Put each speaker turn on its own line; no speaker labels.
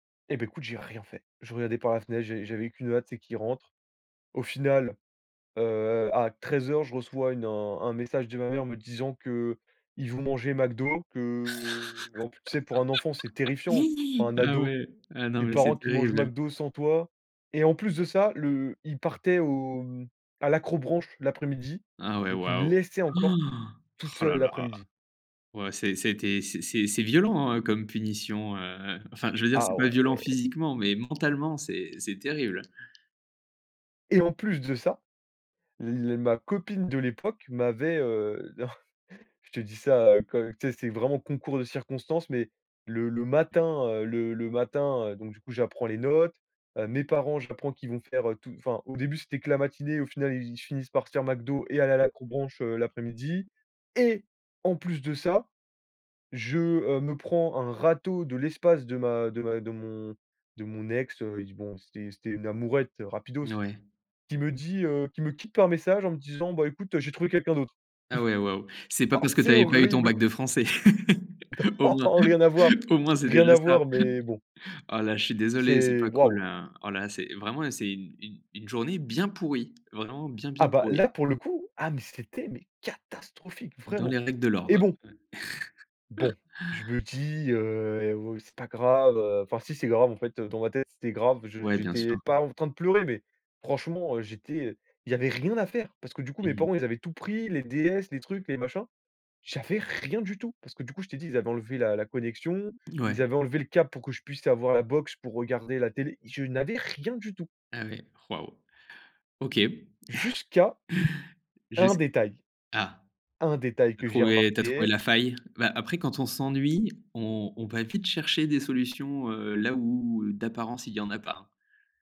Et ben écoute, j'ai rien fait. Je regardais par la fenêtre, j'ai j'avais qu'une hâte, c'est qu'il rentre. Au final, heu, à 13:00, je reçois une, heu, un un message de ma mère me disant qu'ils vont manger McDo, que, en plus, tu sais, pour un enfant, c'est terrifiant. Pour un
Ah
ado,
ouais, ah non
des
mais c'est
parents qui mangent
terrible.
McDo sans toi et en plus de ça le ils partaient au mmh, à l'accrobranche l'après-midi,
Ah ouais,
donc ils me
waouh!
laissaient
Oh!
encore tout
Oh là
seul
là!
l'après-midi.
Ouais c'est, ça été c'est c'est violent, hein, comme punition, heu, enfin je veux dire c'est
Ah
pas violent
ouais.
physiquement mais mentalement c'est c'est terrible.
Et en plus de ça, la ma copine de l'époque m'avait, heu, d je te dis ça, heu, tu sais, c'est vraiment concours de circonstances, mais le le matin, heu, le le matin, heu, donc du coup, j'apprends les notes, heu, mes parents j'apprends qu'ils vont faire tout enfin au début, c'était que la matinée, au final ils finissent par se faire McDo et aller à l'accrobranche, heu, l'après-midi et en plus de ça, je, heu, me prends un râteau de l'espace de ma de ma de mon de mon ex heu, bon, c'était c'était une amourette rapidos,
Ouais.
qui me dit, heu, qui me quitte par message en me disant, bah écoute, heu, j'ai trouvé quelqu'un d'autre.
Ah ouais, waouh! C'est pas
Ah
parce que tu
c'est
avais pas eu ton
horrible
bac de français. Au moins,
Oh rien à voir,
au moins c'est
rien
déjà
à
ça.
voir, mais bon
Ah là, je suis désolé c'est
c'est,
pas cool,
waouh!
hein. Ah là, c'est vraiment c'est une une une journée bien pourrie, vraiment bien
Ah
bien
bah
pourrie.
là pour le coup, ah mais c'était mais catastrophique
Dans
vraiment
les règles de
et
l'ordre.
bon bon, je me dis, heu: «Oh c'est pas grave». Heu, enfin si c'est grave en fait dans ma tête, c'était grave, je
Ouais, bien
j'étais
sûr.
pas en train de pleurer, mais franchement j'étais, heu, il y avait rien à faire, parce que du coup mes
Mmh mh.
parents, ils avaient tout pris, les DS, les trucs, les machins, J'avais rien du tout, parce que du coup, je t'ai dit, ils avaient enlevé la la connexion, ils
Ouais.
avaient enlevé le câble pour que je puisse avoir la box pour regarder la télé, je n'avais rien du tout
Ah ouais? Waouh! OK.
jusqu'à un
Jusqu
détail.
ah!
Un détail
Tu as
que j'ai
trouvé, tu as trouvé
remarqué
la faille. Bah après quand on s'ennuie, on on va vite chercher des solutions, heu, là où heu, d'apparence il y en a pas.